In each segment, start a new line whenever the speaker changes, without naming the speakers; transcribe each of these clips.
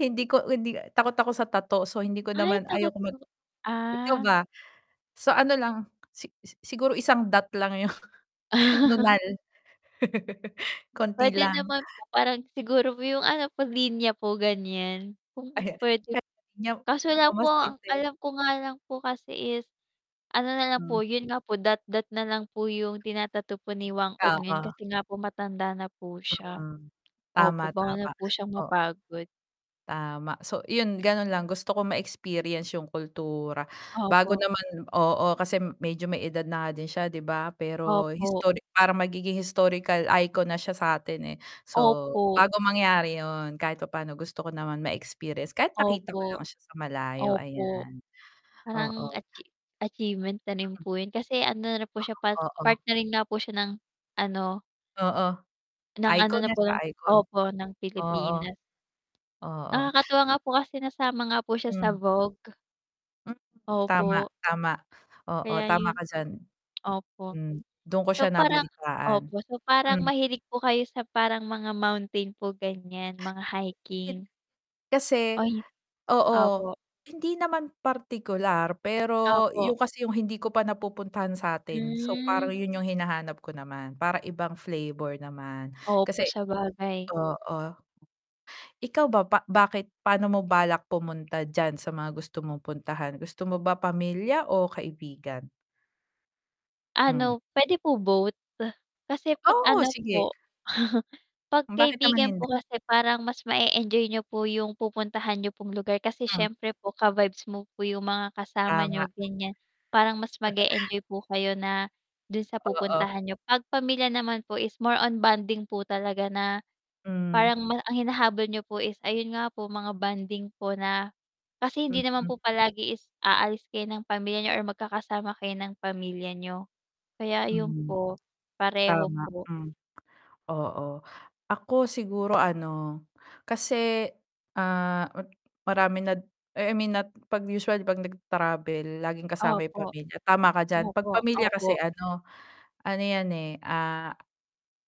Hindi ko hindi takot ako sa tattoo. So hindi ko
Ay
naman
takot
ayokong mag
po,
ikaw
ah.
ba? So ano lang, si si siguro isang dot lang 'yong nunal. Konti
Pwede
lang.
naman po. Parang siguro po 'yong ano po, linya po, ganiyan kung
Ayan.
pwede p
[unintelligible]
kaso lang
mukhang
po
masakit,
ang
eh.
alam ko nga lang po kasi is, ano na lang po,
Hmm.
'yon nga po, dot-dot na lang po 'yong tina-tattoo ni Whang Od
Oo.
ngayon kasi nga po matanda na po siya.
Hmm, tama,
Opo, bawal na
tama,
po siyang
oo.
mapagod.
Tama. So iyon, gano'n lang. Gusto ko ma-experience 'yong kultura. Bago
Opo.
naman oo, kasi medyo may edad na nga din siya, 'di ba? Pero
Opo.
historic parang magiging historical icon na siya sa atin, eh. So,
Opo.
bago mangyari 'yon, kahit papaano, gusto ko naman ma-experience. Kahit makita ko
Opo,
lang siya sa malayo
opo.
ayan,
Parang
oo.
achi achievement na rin
Mm.
po 'yon. Kasi ano na rin po siya,
Ganun,
part part
oo.
narin na po siya ng ano
Oo,
ng ano
icon
na
na
po
siya
ng
icon.
opo, ng
Oo
Pilipinas.
oo.
Nakakatuwa nga po kasi nasama nga po siya sa
Hmm.
Vogue.
Mm. Tama,
Opo.
tama. Oo,
Kaya
tama
'yun
ka diyan.
opo.
Hmm, do'n ko siya
So parang
nabalitaan,
opo, so parang
hmm.
mahilig po kayo sa parang mga mountain po ganiyan, mga
Hin
hiking.
kasi,
Ay
oo,
opo.
hindi naman partikular. Pero
Opo.
'yon kasi 'yong hindi ko pa napupuntahan sa'tin. So parang
Hmm.
'yon 'yong hinahanap ko naman, parang ibang flavor naman
Opo,
kasi
sabagay.
oo. Ikaw ba, ba bakit paano mo balak pumunta diyan sa mga gusto mong puntahan. Gusto mo ba pamilya o kaibigan? Hmm.
Ano, pwede po both? Kasi 'pag
Oo,
ano
sige.
po, 'pag
Hmm, bakit naman
kaibigan
hindi
po kasi parang mas ma-e-enjoy niyo po 'yong pupuntahan niyo pong lugar kasi
Hmm.
syempre po ka-vibes mo po 'yong mga kasama
Tama.
niyo, ganiyan. Parang mas mag-e-enjoy po kayo na do'n sa
Oo.
pupuntahan niyo. 'Pag pamilya naman po is more on bonding po talaga na
Hmm.
parang ma ang hinahabol niyo po is, ayon nga po, mga bonding po na kasi hindi naman
Mm.
po palagi is aalis kayo ng pamilya niyo or magkakasama kayo ng pamilya niyo. Kaya ayon
Hmm.
po, pareho
Tama,
po.
hmm, oo. Ako siguro ano, kasi, ah, ma maraming nad I I mean not 'pag usually kapag nag-travel laging kasama 'yong
Opo.
pamilya, tama ka diyan. 'Pag
Opo,
pamilya kasi,
opo.
ano, ano 'yan, eh, ah,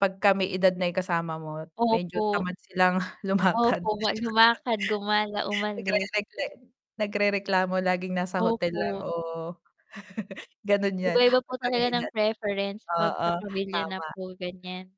'pagka may edad na 'yong kasama mo, medyo
Opo.
tamad silang lumakad.
Opo
At
wal lumakad, gumala,
saka nagre
umalis.
nagren nagrereklamo, laging nasa hotel lang,
Opo.
o gano'n 'yan
Iba-iba po
'pag ka
talaga
may
ng
edad.
preference 'pag sa
Oo,
pamilya na
tama.
po, ganiyan.